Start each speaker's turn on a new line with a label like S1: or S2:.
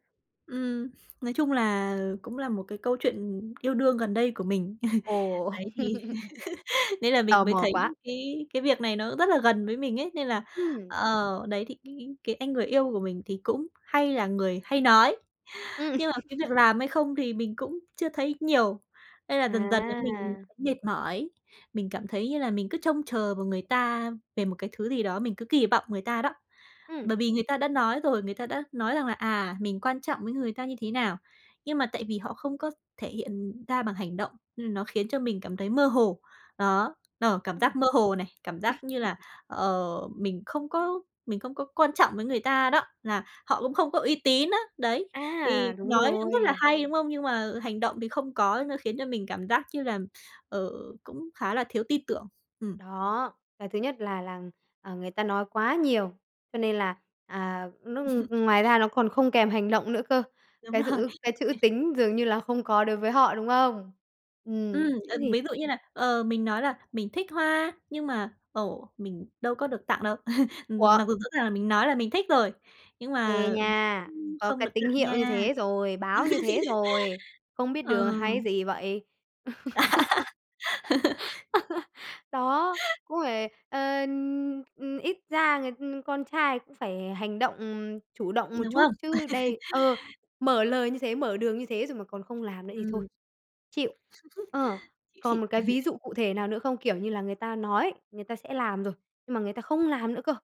S1: Ừm. Nói chung là cũng là một cái câu chuyện yêu đương gần đây của mình.
S2: Ồ!
S1: Đấy thì nên là
S2: Tò
S1: mình mới
S2: mò
S1: thấy
S2: quá!
S1: cái cái việc này nó rất là gần với mình ấy, nên là
S2: Ừm.
S1: ờ, đấy, thì cái anh người yêu của mình thì cũng hay là người hay nói,
S2: Ừm.
S1: nhưng mà cái việc làm hay không thì mình cũng chưa thấy nhiều, nên là dần dần ấy mình
S2: À.
S1: cũng mệt mỏi. Mình cảm thấy như là mình cứ trông chờ vào người ta về một cái thứ gì đó, mình cứ kỳ vọng người ta đó. Bởi
S2: Ừm.
S1: vì người ta đã nói rồi, người ta đã nói rằng là, à, mình quan trọng với người ta như thế nào. Nhưng mà tại vì họ không có thể hiện ra bằng hành động, ừm, nó khiến cho mình cảm thấy mơ hồ. Đó, ờ, cảm
S2: Ừm.
S1: giác mơ hồ này, cảm giác như là, ờ, mình không có mình không có quan trọng với người ta đó, là họ cũng không có uy tín á, đấy. Thì
S2: À! Đúng
S1: nói cũng rất là
S2: rồi.
S1: hay, đúng không? Nhưng mà hành động thì không có, nó khiến cho mình cảm giác như là, ờ, cũng khá là thiếu tin tưởng. Ừm.
S2: Đó! Cái thứ nhất là là, ờ, người ta nói quá nhiều, cho nên là, à, nó ng ngoài ra nó còn không kèm hành động nữa cơ.
S1: Đúng
S2: Cái
S1: rồi.
S2: dữ cái chữ tính dường như là không có đối với họ, đúng không?
S1: Ừm,
S2: Ừm,
S1: ờ,
S2: thế thì
S1: ví dụ như là, ờ, mình nói là mình thích hoa, nhưng mà, ồ, mình đâu có được tặng đâu.
S2: Ủa!
S1: Mặc dù rõ ràng là mình nói là mình thích rồi, nhưng
S2: Ê
S1: mà m
S2: nha!
S1: cũng
S2: Có
S1: không
S2: cái
S1: được
S2: tín
S1: tặng
S2: hiệu như
S1: nha.
S2: thế rồi, báo như thế rồi, không biết
S1: Ờ.
S2: đường hay gì vậy? Đó! Cũng phải, ờ, ừm, ít ra người con trai cũng phải hành động, chủ động một
S1: Đúng
S2: chút,
S1: không?
S2: chứ đây Ờ, mở lời như thế, mở đường như thế rồi mà còn không làm nữa thì thôi.
S1: Ừm.
S2: Chịu! Ờ, còn một
S1: Chị
S2: cái ví dụ cụ thể nào nữa không? Kiểu như là người ta nói người ta sẽ làm rồi, nhưng mà người ta không làm nữa cơ.